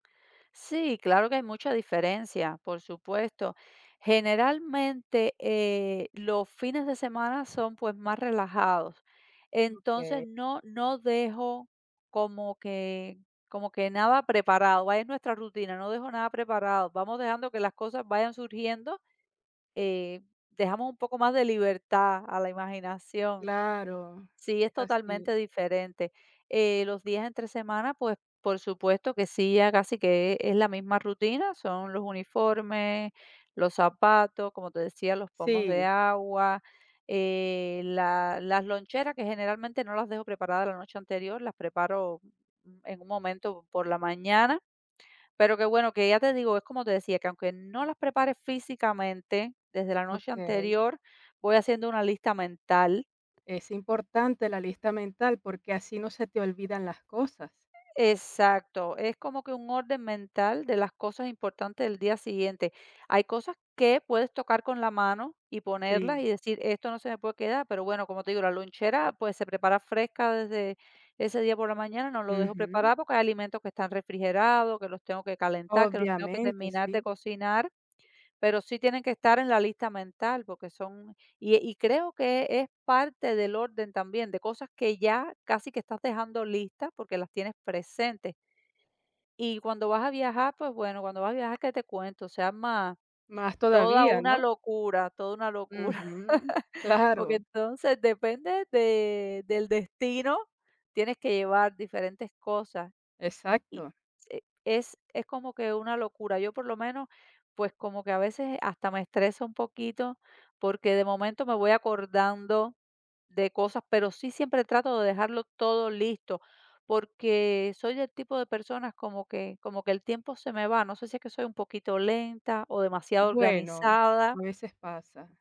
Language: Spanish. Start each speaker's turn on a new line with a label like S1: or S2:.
S1: Sí, claro que hay mucha diferencia, por supuesto. Generalmente, eh, los fines de semana son, pues, más relajados. Entonces,
S2: Okey.
S1: no-no dejo como que como que nada preparado, vaya, es nuestra rutina, no dejo nada preparado, vamos dejando que las cosas vayan surgiendo, eh, dejamos un poco más de libertad a la imaginación.
S2: Claro,
S1: Sí, es
S2: es así.
S1: totalmente diferente, eh, los días entre semana, pues, por supuesto que sí, ya casi que es la misma rutina, son los uniformes, los zapatos, como te decía, los pomos de
S2: Sí.
S1: agua, eh, la las loncheras, que generalmente no las dejo preparadas la noche anterior, las preparo en un momento por la mañana. Pero qué bueno, que ya te digo, es como te decía, que aunque no las prepare físicamente desde la noche
S2: Okey.
S1: anterior, voy haciendo una lista mental
S2: Es importante la lista mental, porque así no se te olvidan las cosas.
S1: Exacto, es como que un orden mental de las cosas importantes del día siguiente. Hay cosas que puedes tocar con la mano y ponerlas y
S2: Sí.
S1: decir, esto no se me puede quedar, pero bueno, como te digo, la lonchera, pues, se prepara fresca desde ese día por la mañana, no lo dejo
S2: Ujú.
S1: preparado, porque hay alimentos que están refrigerados, que los tengo que calentar, que los tengo que
S2: Obviamente,
S1: terminar de
S2: sí.
S1: cocinar, pero sí tienen que estar en la lista mental, porque son y y creo que es parte del orden también, de cosas que ya casi que estás dejando listas, porque las tienes presentes. Y cuando vas a viajar, pues, bueno, cuando vas a viajar, ¿qué te cuento? Se arma
S2: Más
S1: toda
S2: todavía,
S1: una
S2: ¿no?
S1: locura, toda una locura.
S2: Ujú,
S1: Porque,
S2: claro.
S1: entonces, depende de del destino, tienes que llevar diferentes cosas. Y
S2: Exacto.
S1: se es es como que una locura. Yo, por lo menos, pues, como que a veces hasta me estresa un poquito, porque de momento me voy acordando de cosas, pero sí siempre trato de dejarlo todo listo, porque soy del tipo de personas como que como que el tiempo se me va. No sé si es que soy un poquito lenta o demasiado
S2: Bueno, a
S1: organizada.
S2: veces pasa.